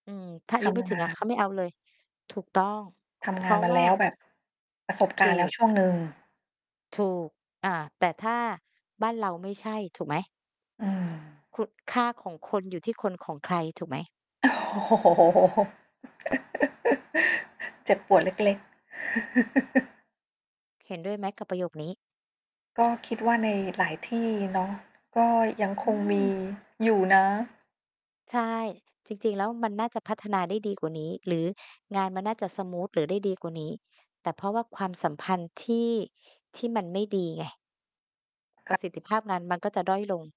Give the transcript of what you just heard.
อืม ถ้าอทายุไมำ่ถงึางอะ เขน าไม่เอาเลย ถูกต้อง ทเพำงราานะมาวแ่ลา ้วแบบ ประสบกถารณู์แล้วก ช่วงหนึ่ง ถูก อา แต่ถ้าบ้านเราไม่ใช่ ถูกไหม? อา คุ ค่าของคนอยู่ที่คนของใครถูกไหม? โอ้โฮ เจ็บปวดเล็ก ๆ เห็นด้วยไหมกับประโยคนี้? ก็คิดว่าในหลายที่เนาะ ก็ยังอคืงมีม อยู่นะ ใช่ จริง ๆ แล้วมันน่าจะพัฒนาได้ดีกว่านี้ หรืองานมันน่าจะสมูท หรือได้ดีกว่านี้ แต่เพราะว่าความสัมพันธ์ที่ ที่มันไม่ดีไง ปค่ระ ะสิทธิภาพงานมันก็จะด้อยลง